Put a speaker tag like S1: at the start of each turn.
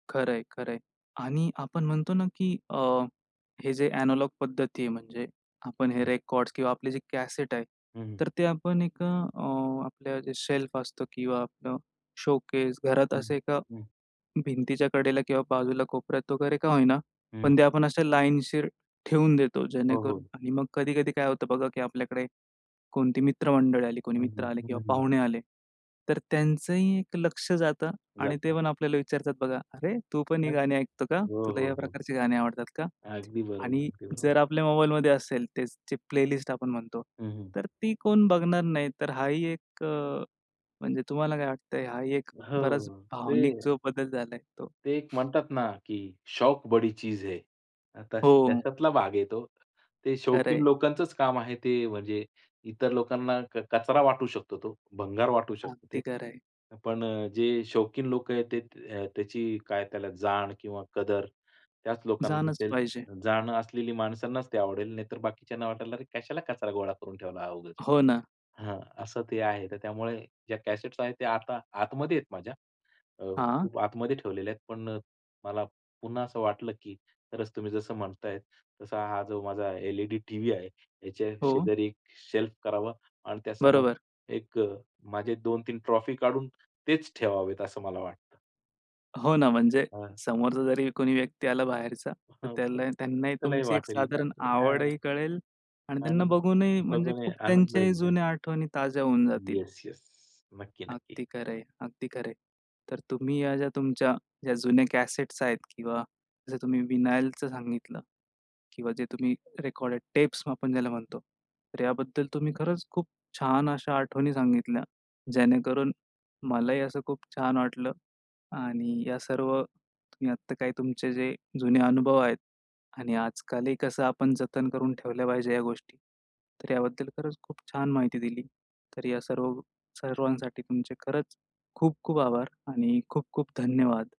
S1: खरंय, खरंय. आणि आपण म्हणतो ना, की अ, हे जे एनालॉग पद्धती आहे, म्हणजे आपण हे
S2: हं.
S1: रेकॉर्ड्स किंवा आपलं जे कॅसेट आहे,
S2: हं, हं.
S1: तर ते आपण एक अ, आपलं जे शेल्फ असतो किंवा आपलं शोकेस घरात
S2: हं.
S1: असे एका,
S2: हं.
S1: भिंतीच्या कडेला किंवा बाजूला कोपऱ्यात वगैरे का होईना
S2: हं.
S1: पण ते आपण अशा लाईनशीर ठेवून देतो,
S2: हो, हो.
S1: जेणेकरून आणि मग कधी-कधी काय होतं बघा, की आपल्याकडे कोणती मित्रमंडळी आली, कोणी
S2: हं,
S1: मित्र
S2: हं.
S1: आले किंवा
S2: हं, हं.
S1: पाहुणे आले, तर त्यांचंही ते लक्ष जातं आणि ते
S2: जाता.
S1: पण आपल्याला विचारतात बघा, "अरे, तू पण ही
S2: हं.
S1: गाणी ऐकतो का?
S2: हो,
S1: तुला
S2: हो,
S1: या
S2: हो.
S1: प्रकारची गाणी आवडतात का?"
S2: अगदी बरोबर.
S1: आणि
S2: अगदी बरोबर.
S1: जर आपल्या मोबाईलमध्ये असेल, तेच जी प्लेलिस्ट आपण म्हणतो,
S2: हं, हं.
S1: तर ती कोण बघणार नाही. तर हा ही एक अ, म्हणजे तुम्हाला काय वाटतंय? हा ही एक बराच
S2: हो, ते
S1: भावनिक जो बदल झालाय तो
S2: ते एक म्हणतात ना, की शौक बड़ी चीज है अ, तस
S1: हो.
S2: त्याच्यातला भाग आहे तो. ते शौकीन
S1: खरंय.
S2: लोकांचंच काम आहे, ते म्हणजे, इतर लोकांना क कचरा वाटू शकतो तो, भंगार वाटू शकतं ते.
S1: अगदी खरंय.
S2: पण अ, जे शौकीन लोक आहेत तेत अ, त्याची काय त्याला जाण किंवा कदर, त्याच लोकांना
S1: जाणंच
S2: असेल.
S1: पाहिजे.
S2: जाणं असलेली माणसांनाच ते आवडेल, नाहीतर बाकीच्यांना वाटेल, "अरे, कशाला कचरा गोळा करून ठेवला हा उगीच."
S1: हो ना.
S2: हं, असं ते आहे. तर त्यामुळे ज्या कॅसेट्स आहेत ते आता आतमध्ये आहेत माझ्या. अ,
S1: हां?
S2: खूप आतमध्ये ठेवलेले आहेत, पण अ, मला, पुन्हा असं वाटलं, की खरच तुम्ही जसं म्हणताय, तसा हा जो माझा एल-ई-डी टीव्ही आहे, ह्याच्या
S1: हो.
S2: शेजारी एक शेल्फ करावा आणि त्यासमोर
S1: बरोबर.
S2: एक अ, माझे 2-3 ट्रॉफी काढून, तेच ठेवावेत असं मला वाटतं.
S1: हो
S2: हं.
S1: ना, म्हणजे
S2: हां.
S1: समोरचा जरी कोणी व्यक्ती आला बाहेरचा, तर
S2: हां ओके.
S1: त्याला त्यांनाही
S2: त्यालाही
S1: तुमची, एक
S2: वाटेल.
S1: साधारण
S2: नक्कीच. हां.
S1: आवडही कळेल आणि त्यांना
S2: आणि
S1: बघूनही म्हणजे
S2: बघूनही
S1: खूप
S2: आनंद
S1: त्यांच्याही
S2: होईल त्या
S1: जुन्या आठवणी ताज्या होऊन जातील.
S2: Yes, yes. नक्की, नक्की.
S1: अगदी खरंय, अगदी खरंय. तर तुम्ही ह्या ज्या तुमच्या ज्या, जुने कॅसेट्स आहेत किंवा जसं तुम्ही विनायलच सांगितलं किंवा जे तुम्ही रेकॉर्डेड टेप्स आपण ज्याला म्हणतो, तर याबद्दल तुम्ही खरंच खूप छान अशा आठवणी सांगितल्या, जेणेकरून मलाही असं खूप छान वाटलं आणि या सर्व तुम्ही आत्ता काय तुमचे जे जुने अनुभव आहेत आणि आजकालही कसं आपण जतन करून ठेवल्या पाहिजे ह्या गोष्टी. तर याबद्दल खरंच खूप छान माहिती दिली. तर या सर्व सर्वांसाठी तुमचे खरंच खूप-खूप आभार आणि खूप-खूप धन्यवाद!